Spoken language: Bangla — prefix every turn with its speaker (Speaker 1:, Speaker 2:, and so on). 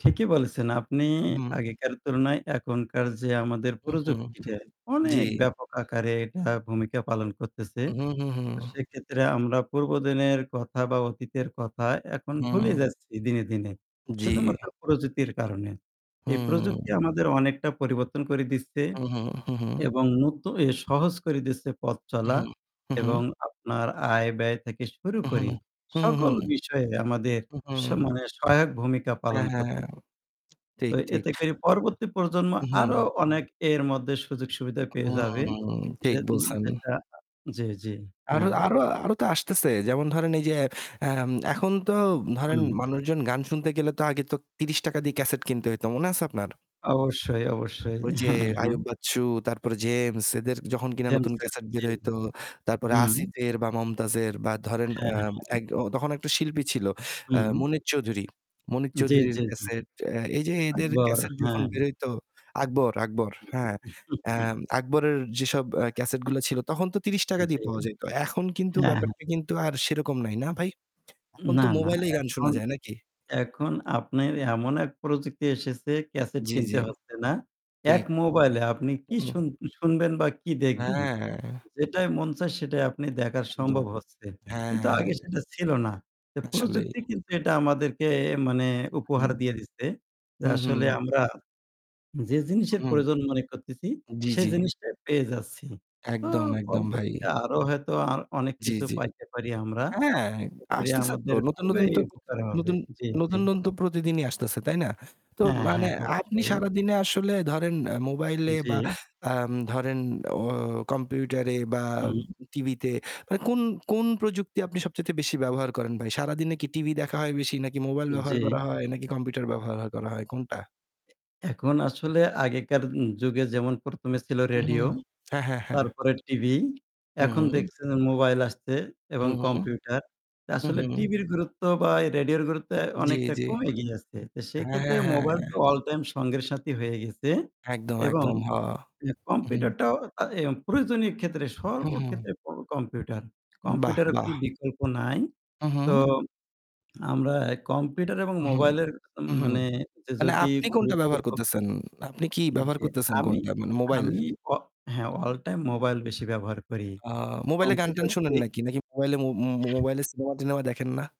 Speaker 1: ঠিকই বলেছেন আপনি,
Speaker 2: উম হুম।
Speaker 1: আগেকার তুলনায় এখনকার যে আমাদের
Speaker 2: উহুম,
Speaker 1: প্রযুক্তিটা
Speaker 2: জি।
Speaker 1: অনেক ব্যাপক আকারে এটা ভূমিকা পালন করতেছে।
Speaker 2: হুম, হুম, হুম।
Speaker 1: সেক্ষেত্রে আমরা পূর্ব দিনের কথা বা অতীতের কথা এখন ভুলে
Speaker 2: হুম।
Speaker 1: যাচ্ছি দিনে, দিনে শুধুমাত্র
Speaker 2: জি।
Speaker 1: প্রযুক্তির কারণে। এই প্রযুক্তি
Speaker 2: হুম।
Speaker 1: আমাদের অনেকটা পরিবর্তন করে দিচ্ছে
Speaker 2: হুম, হুম। হুম, হুম।
Speaker 1: এবং নতুন এ সহজ করে দিচ্ছে পথ চলা
Speaker 2: উহুম, উহুম।
Speaker 1: এবং আপনার আয়-ব্যয় থেকে শুরু
Speaker 2: উহুম,
Speaker 1: করে
Speaker 2: হুম,
Speaker 1: সকল
Speaker 2: হুম, হুম।
Speaker 1: বিষয়ে আমাদের
Speaker 2: হুম, হু।
Speaker 1: সমানে সহায়ক ভূমিকা
Speaker 2: হ্যাঁ,
Speaker 1: পালন করতে
Speaker 2: হ্যাঁ।
Speaker 1: তো
Speaker 2: ঠিক, ঠিক।
Speaker 1: এতে করে পরবর্তী প্রজন্ম আরও
Speaker 2: উহুম।
Speaker 1: অনেক এর মধ্যে সুযোগ সুবিধা পেয়ে
Speaker 2: হুম।
Speaker 1: যাবে।
Speaker 2: হুম। ঠিক
Speaker 1: যেদিন
Speaker 2: বলছেন।
Speaker 1: যেটা যে, যে,
Speaker 2: আরো
Speaker 1: হ্যাঁ।
Speaker 2: আরো আরো তো আসতেছে। যেমন ধরেন এই যে, অ্যা এখন তো ধরেন
Speaker 1: হুম।
Speaker 2: মানুষজন গান শুনতে গেলে তো আগে তো ৩০ টাকা দিয়ে cassette কিনতে হইতো। মনে আছে আপনার?
Speaker 1: অবশ্যই, অবশ্যই।
Speaker 2: ঐ যে
Speaker 1: হ্যাঁ,
Speaker 2: আইয়ুব
Speaker 1: হ্যাঁ।
Speaker 2: বাচ্চু তারপরে James এদের যখন কিনা নতুন
Speaker 1: জেমস এর
Speaker 2: cassette
Speaker 1: জি,
Speaker 2: বের হইতো, তারপরে
Speaker 1: হুম।
Speaker 2: আসিফের বা মমতাজের বা ধরেন,
Speaker 1: হ্যাঁ,
Speaker 2: অ্যা
Speaker 1: হ্যাঁ।
Speaker 2: এক ও তখন ১ টা শিল্পী ছিল, অ্যা
Speaker 1: হুম।
Speaker 2: মনির চৌধুরী। মনির
Speaker 1: জ্বি,
Speaker 2: চৌধুরীর
Speaker 1: জ্বি, জ্বি।
Speaker 2: cassette, অ্যা এই যে এদের
Speaker 1: আকবর,
Speaker 2: cassette যখন
Speaker 1: হ্যাঁ।
Speaker 2: বের হইতো, আকবর, আকবর, হ্যাঁ। অ্যা আকবরের যেসব অ্যা cassette গুলা ছিল তখন তো ৳৩০
Speaker 1: জি।
Speaker 2: দিয়ে পাওয়া যাইতো। এখন কিন্তু
Speaker 1: হ্যাঁ।
Speaker 2: ব্যাপারটা কিন্তু আর সেরকম নাই, না ভাই? এখন
Speaker 1: না,
Speaker 2: তো
Speaker 1: না।
Speaker 2: mobile এ গান শোনা
Speaker 1: এখন
Speaker 2: যায়, নাকি?
Speaker 1: এখন আপনের এমন এক প্রযুক্তি এসেছে ক্যাসেট
Speaker 2: জি,
Speaker 1: কিনতে
Speaker 2: জি।
Speaker 1: হচ্ছে না। এক
Speaker 2: ঠিক।
Speaker 1: মোবাইলে আপনি কি
Speaker 2: হুম।
Speaker 1: শুন শুনবেন বা কি দেখবেন,
Speaker 2: হ্যাঁ।
Speaker 1: যেটাই মন চায় সেটাই আপনি দেখার
Speaker 2: একদম।
Speaker 1: সম্ভব হচ্ছে।
Speaker 2: হ্যাঁ,
Speaker 1: কিন্তু
Speaker 2: হ্যাঁ।
Speaker 1: আগে সেটা ছিল না। তো
Speaker 2: আসলেই।
Speaker 1: প্রযুক্তি কিন্তু এটা আমাদেরকে মানে উপহার
Speaker 2: হুম।
Speaker 1: দিয়ে দিছে, যে আসলে
Speaker 2: উ-হুম।
Speaker 1: আমরা যে জিনিসের
Speaker 2: হুম।
Speaker 1: প্রয়োজন মনে করতেছি
Speaker 2: জি,
Speaker 1: সেই
Speaker 2: জি।
Speaker 1: জিনিসটা পেয়ে যাচ্ছি। তো
Speaker 2: একদম, একদম ভাই।
Speaker 1: পরবর্তীতে আরও হয়তো আর অনেক
Speaker 2: জি,
Speaker 1: কিছু
Speaker 2: জি।
Speaker 1: পাইতে পারি আমরা।
Speaker 2: হ্যাঁ,
Speaker 1: এতে করে
Speaker 2: আসতেছে তো।
Speaker 1: আমাদের
Speaker 2: নতুন নতুন
Speaker 1: খুবই
Speaker 2: তো
Speaker 1: উপকার হবে
Speaker 2: নতুন
Speaker 1: জ্বি, জ্বি।
Speaker 2: নতুন, নতুন তো প্রতিদিনই আসতেছে, তাই না? তো
Speaker 1: হ্যাঁ,
Speaker 2: মানে
Speaker 1: হ্যাঁ,
Speaker 2: আপনি
Speaker 1: অবশ্যই।
Speaker 2: সারাদিনে আসলে ধরেন mobile এ বা,
Speaker 1: জি।
Speaker 2: আম ধরেন, অ computer এ বা
Speaker 1: হুম।
Speaker 2: TV তে, কোন কোন প্রযুক্তি আপনি সবচাইতে বেশি ব্যবহার করেন ভাই? সারাদিনে কি TV দেখা হয় বেশি, নাকি mobile ব্যবহার
Speaker 1: জি।
Speaker 2: করা হয়, নাকি computer ব্যবহার করা হয়, কোনটা?
Speaker 1: এখন আসলে আগেকার উ যুগে যেমন প্রথমে ছিল
Speaker 2: হুম,
Speaker 1: রেডিও
Speaker 2: হুম। হ্যাঁ, হ্যাঁ, হ্যাঁ।
Speaker 1: তারপরে টিভি।
Speaker 2: হুম,
Speaker 1: এখন
Speaker 2: হুম।
Speaker 1: দেখছেন যে মোবাইল আসছে এবং
Speaker 2: হুম, হুম।
Speaker 1: কম্পিউটার।
Speaker 2: হুম,
Speaker 1: আসলে
Speaker 2: হুম।
Speaker 1: টিভির গুরুত্ব বা রেডিওর গুরুত্ব
Speaker 2: জি,
Speaker 1: অনেকটা
Speaker 2: জি।
Speaker 1: কমে গিয়ে আছে। তো
Speaker 2: হ্যাঁ,
Speaker 1: সেক্ষেত্রে
Speaker 2: হ্যাঁ,
Speaker 1: মোবাইল
Speaker 2: হ্যাঁ।
Speaker 1: তো all time সঙ্গের সাথী হয়ে গেছে
Speaker 2: একদম,
Speaker 1: এবং
Speaker 2: একদম। হ উহুম।
Speaker 1: কম্পিউটারটাও আ এ প্রয়োজনীয় ক্ষেত্রে
Speaker 2: হুম, হুম।
Speaker 1: সর্বক্ষেত্রে কম্পিউটার।
Speaker 2: বাহ,
Speaker 1: কম্পিউটারের কোন
Speaker 2: বাহ!
Speaker 1: বিকল্প নাই। তো
Speaker 2: উহুম।
Speaker 1: আমরা কম্পিউটার এবং
Speaker 2: উহুম,
Speaker 1: মোবাইলের
Speaker 2: উহুম।
Speaker 1: মানে যে
Speaker 2: আ না,
Speaker 1: যদি
Speaker 2: আপনি কোনটা
Speaker 1: গুরুত্ব
Speaker 2: ব্যবহার করতেছেন? আপনি কি
Speaker 1: ই
Speaker 2: ব্যবহার
Speaker 1: যে
Speaker 2: করতেছেন
Speaker 1: আমি
Speaker 2: কোনটা? মানে mobile?
Speaker 1: আমি অ হ্যাঁ, all time মোবাইল বেশি ব্যবহার করি।
Speaker 2: আ mobile এ গান-টান
Speaker 1: কম্পিউটার
Speaker 2: শোনেন
Speaker 1: করি
Speaker 2: নাকি? নাকি mobile এ মো mobile এ সিনেমা টিনেমা দেখেন না?